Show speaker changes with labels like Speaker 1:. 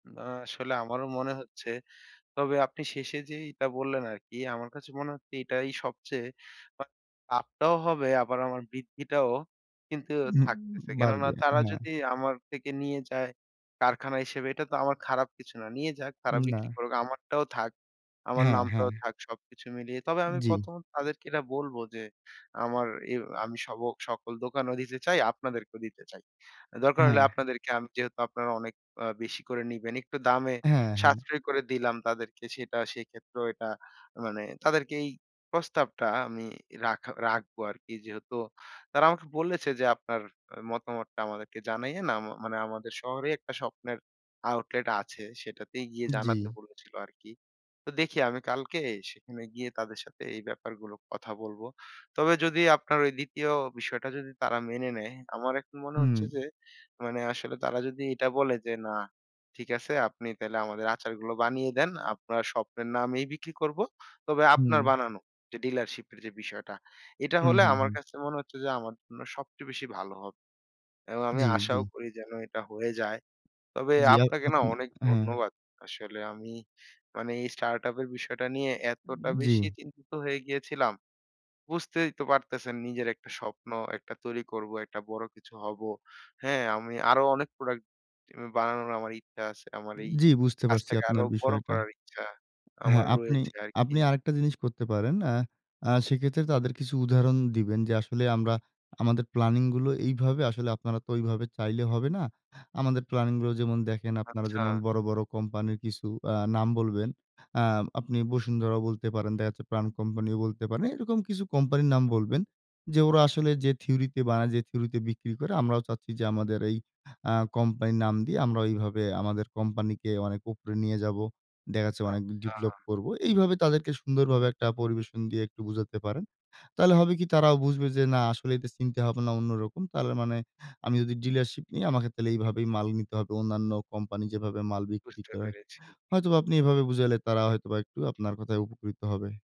Speaker 1: না, আসলে আমারও মনে হচ্ছে। তবে আপনি শেষে যেইটা বললেন আরকি, আমার কাছে মনে হচ্ছে এটাই সবচেয়ে আ লাভটাও হবে আবার আমার বৃদ্ধিটাও কিন্তু
Speaker 2: হুম,
Speaker 1: থাকতেছে।
Speaker 2: উ
Speaker 1: কেননা
Speaker 2: বাড়বে।
Speaker 1: তারা
Speaker 2: হ্যাঁ।
Speaker 1: যদি আমার থেকে নিয়ে যায় কারখানা হিসেবে এটা তো আমার খারাপ কিছু না। নিয়ে যাক তারা
Speaker 2: না।
Speaker 1: বিক্রি করুক। আমারটাও থাক। আমার
Speaker 2: হ্যাঁ, হ্যাঁ।
Speaker 1: নামটাও থাক সবকিছু মিলিয়ে। তবে আমি
Speaker 2: জি।
Speaker 1: ১ম তাদেরকে এটা বলবো যে আমার এ আমি সব ক সকল দোকানও দিতে চাই, আপনাদেরকেও দিতে চাই। দরকার হলে
Speaker 2: হ্যাঁ।
Speaker 1: আপনাদেরকে আমি যেহেতু আপনারা অনেক আ বেশি করে নিবেন, একটু দামে
Speaker 2: হ্যাঁ, হ্যাঁ।
Speaker 1: সাশ্রয় করে দিলাম, তাদেরকে সেটা সেক্ষেত্রেও এটা মানে তাদেরকে এই প্রস্তাবটা আমি রাখা রাখবো আরকি যেহেতু তারা আমাকে বলেছে যে, আপনার মতামতটা আমাদেরকে জানাইয়েন আ মানে আমাদের শহরে একটা স্বপ্নের আউটলেট আছে, সেটাতেই গিয়ে জানাতে
Speaker 2: জি।
Speaker 1: বলেছিল আরকি। তো দেখি আমি কালকে সেখানে গিয়ে তাদের সাথে এই ব্যাপারগুলোর কথা বলবো। তবে যদি আপনার ওই ২য় বিষয়টা যদি তারা মেনে নেয়, আমার এখন মনে হচ্ছে
Speaker 2: হু।
Speaker 1: যে, মানে আসলে তারা যদি এটা বলে যে, না ঠিক আছে আপনি তাহলে আমাদের আচারগুলো বানিয়ে দেন। আপনার স্বপ্নের নামেই বিক্রি করব। তবে আপনার
Speaker 2: হু।
Speaker 1: বানানো যে ডিলারশিপের যে বিষয়টা। এটা
Speaker 2: হু,
Speaker 1: হলে
Speaker 2: হু, হু।
Speaker 1: আমার কাছে মনে হচ্ছে যে, আমার জন্য সবচেয়ে বেশি ভালো হবে। এবং আমি
Speaker 2: জি, জি।
Speaker 1: আশাও করি যেন এটা হয়ে যায়। তবে
Speaker 2: জি আ
Speaker 1: আপনাকে না
Speaker 2: আপনি,
Speaker 1: অনেক
Speaker 2: হ্যাঁ।
Speaker 1: ধন্যবাদ। আসলে আমি মানে এই স্টার্টআপের বিষয়টা নিয়ে এতটা
Speaker 2: জি।
Speaker 1: বেশি চিন্তিত হয়ে গিয়েছিলাম। বুঝতেই তো পারতেছেন নিজের একটা স্বপ্ন, একটা তৈরি করব, একটা বড় কিছু হব। হ্যাঁ? আমি আরো অনেক প্রোডাক্ট আমি বানানোর আমার ইচ্ছা আছে। আমার এই
Speaker 2: জি, বুঝতে পারছি
Speaker 1: কাজটাকে আরো
Speaker 2: আপনার
Speaker 1: বড়
Speaker 2: বিষয়টা।
Speaker 1: করার ইচ্ছা
Speaker 2: হ্যাঁ,
Speaker 1: আমার
Speaker 2: আপনি
Speaker 1: রয়েছে আরকি।
Speaker 2: আপনি আরেকটা জিনিস করতে পারেন। আ আ সেক্ষেত্রে তাদের কিছু উদাহরণ দিবেন যে, আসলে আমরা আমাদের প্ল্যানিং গুলো এইভাবে আসলে আপনারা তো এইভাবে চাইলে হবে না। আমাদের প্ল্যানিং গুলো যেমন দেখেন, আপনারা
Speaker 1: আচ্ছা।
Speaker 2: যেমন বড়, বড় কোম্পানির কিছু আ নাম বলবেন, আ আপনি বসুন্ধরাও বলতে পারেন। দেখা যাচ্ছে প্রাণ কোম্পানিও বলতে পারেন। এরকম কিছু কোম্পানির নাম বলবেন। যে ওরা আসলে যে থিওরিতে বানায়, যে থিওরিতে বিক্রি করে, আমরাও চাচ্ছি যে আমাদের এই আ কোম্পানির নাম দিয়ে আমরা এইভাবে আমাদের কোম্পানিকে অনেক উপরে নিয়ে যাবো। দেখা যাচ্ছে অনেক
Speaker 1: আচ্ছা।
Speaker 2: ডেভেলপ করব। এইভাবে তাদেরকে সুন্দরভাবে একটা পরিবেশন দিয়ে একটু বুঝাতে পারেন। তাহলে হবে কি তারাও বুঝবে যে, না আসলে এটা চিন্তা ভাবনা অন্যরকম। তাহলে মানে আমি যদি ডিলারশিপ নি আমাকে তাইলে এইভাবেই মাল নিতে হবে। অন্যান্য কোম্পানি যেভাবে মাল বিক্রি
Speaker 1: বুঝতে
Speaker 2: করে।
Speaker 1: পেরেছি।
Speaker 2: হয়তোবা আপনি এভাবে বুঝালে তারা হয়তোবা একটু আপনার কথায় উপকৃত হবে।